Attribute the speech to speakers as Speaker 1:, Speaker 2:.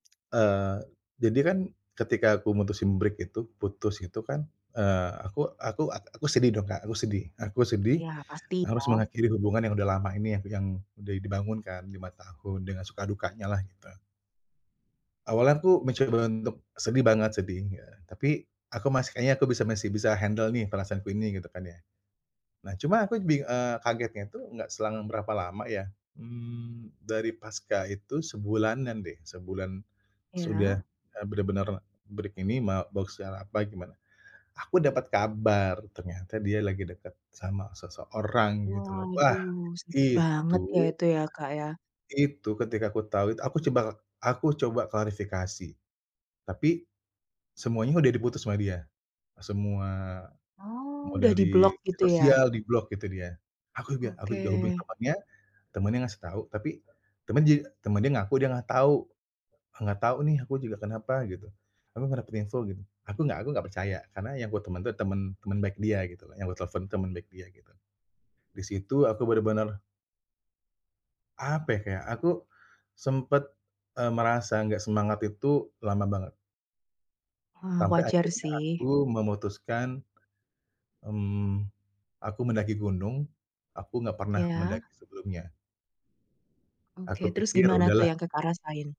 Speaker 1: Eee, jadi kan ketika aku mutusin break itu, putus itu kan, eee, aku aku ak aku sedih dong, Kak, aku sedih aku sedih.
Speaker 2: Iya, pasti
Speaker 1: Harus
Speaker 2: kan.
Speaker 1: mengakhiri hubungan yang udah lama ini, yang yang udah dibangun kan, 5 tahun, dengan suka dukanyalah, gitu. Awalnya aku mencoba untuk sedih banget, sedih ya. Tapi, aku masih "Kayaknya aku bisa masih bisa handle nih, perasaanku ini," gitu kan ya. Nah, cuma aku bing eee, kagetnya itu, enggak selang berapa lama ya, mmm, dari paska itu, sebulanan deh, sebulan sudah,
Speaker 2: Iya?
Speaker 1: e benar-benar break ini ma boks secara apa, gimana. Aku dapat kabar, ternyata dia lagi deket sama seseorang, gitu loh. Wah,
Speaker 2: Waduh, sakit banget ya,
Speaker 1: itu
Speaker 2: itu ya, Kak, ya?
Speaker 1: itu, ketika aku tahu itu, aku coba aku coba klarifikasi. Tapi, semuanya udah diputus sama dia, semua,
Speaker 2: Oh,
Speaker 1: mau
Speaker 2: udah
Speaker 1: dari
Speaker 2: diblok gitu ya?
Speaker 1: sosial, diblok itu dia. Aku juga aku juga hubungi
Speaker 2: Oke.
Speaker 1: temannya, temannya ngasih tahu, tapi temenyi temennya ngaku dia nggak tahu, "Nggak tahu nih, aku juga kenapa?" Gitu, "Aku nggak dapet info," gitu. Aku nggak aku nggak percaya, karena yang gua teman tuh teman teman baik dia gitulah, yang gue telfon tuh, teman baik dia, gitu. Di situ aku benar-benar apa ya, kayak aku sempat, e merasa enggak semangat itu, lama banget.
Speaker 2: Wah,
Speaker 1: Sampai
Speaker 2: wajar
Speaker 1: akhirnya
Speaker 2: sih.
Speaker 1: aku memutuskan, mmm, aku mendaki gunung. Aku enggak pernah mendaki
Speaker 2: Iya?
Speaker 1: sebelumnya.
Speaker 2: Oke,
Speaker 1: Aku
Speaker 2: terus
Speaker 1: pikir,
Speaker 2: gimana tuh
Speaker 1: "Udahlah."
Speaker 2: yang Kakak rasain?